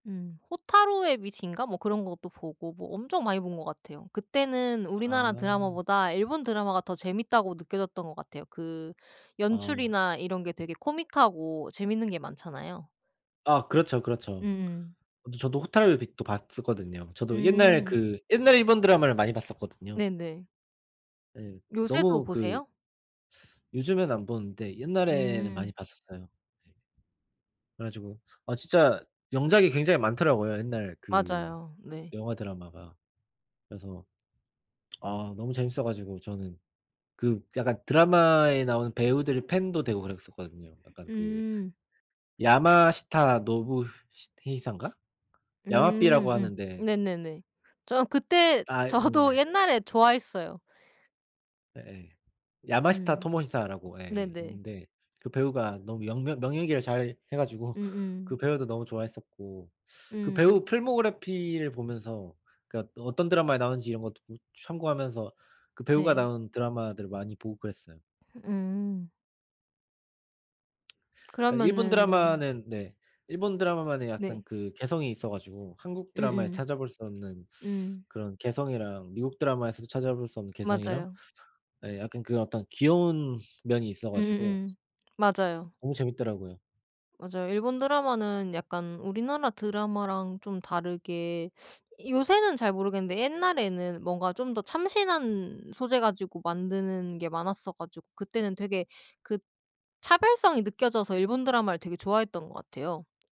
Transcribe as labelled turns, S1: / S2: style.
S1: 음 호타루의 빛인가 뭐 그런 것도 보고 뭐 엄청 많이 본 것 같아요. 그때는 우리나라
S2: 아.
S1: 드라마보다 일본 드라마가 더 재밌다고 느껴졌던 것 같아요. 그
S2: 아.
S1: 연출이나 이런 게 되게 코믹하고 재밌는 게 많잖아요.
S2: 아 그렇죠, 그렇죠.
S1: 음음.
S2: 어 저도 호타루의 빛도 봤었거든요. 저도 옛날
S1: 음.
S2: 그 옛날 일본 드라마를 많이 봤었거든요.
S1: 네네.
S2: 예.
S1: 요새도
S2: 너무 그
S1: 보세요?
S2: 요즘에는 안 보는데 옛날에는 많이
S1: 음.
S2: 봤었어요. 네. 그래 가지고 아 진짜 명작이 굉장히 많더라고요, 옛날 그
S1: 맞아요. 네.
S2: 영화 드라마가. 그래서 아 너무 재밌어 가지고 저는 그 약간 드라마에 나오는 배우들의 팬도 되고 그랬었거든요. 약간 그
S1: 음.
S2: 야마시타 노부시테히산가?
S1: 음
S2: 야마비라고
S1: 음.
S2: 하는데
S1: 네네네. 저 그때
S2: 아
S1: 저도
S2: 네.
S1: 옛날에 좋아했어요.
S2: 예예. 야마시타
S1: 음.
S2: 토모시사라고 예
S1: 네네.
S2: 있는데 그 배우가 너무 영 명 명연기를 잘해 가지고 그
S1: 음음.
S2: 배우도 너무 좋아했었고 그
S1: 음.
S2: 배우 필모그래피를 보면서 그러니까 어떤 드라마에 나오는지 이런 것도 참고하면서 그 배우가
S1: 네.
S2: 나온 드라마들 많이 보고 그랬어요.
S1: 음.
S2: 그러니까 일본
S1: 그러면은
S2: 드라마는 네. 일본 드라마만의 약간
S1: 네.
S2: 그 개성이 있어 가지고 한국 드라마에
S1: 음음.
S2: 찾아볼 수 없는
S1: 음.
S2: 그런 개성이랑 미국 드라마에서도 찾아볼 수 없는 개성이랑
S1: 맞아요.
S2: 예 약간 그 어떤 귀여운 면이 있어 가지고
S1: 음음음. 맞아요.
S2: 너무 재밌더라고요.
S1: 맞아요. 일본 드라마는 약간 우리나라 드라마랑 좀 다르게 요새는 잘 모르겠는데 옛날에는 뭔가 좀 더 참신한 소재 가지고 만드는 게 많았어 가지고 그때는 되게 그 차별성이 느껴져서 일본 드라마를 되게 좋아했던 것 같아요.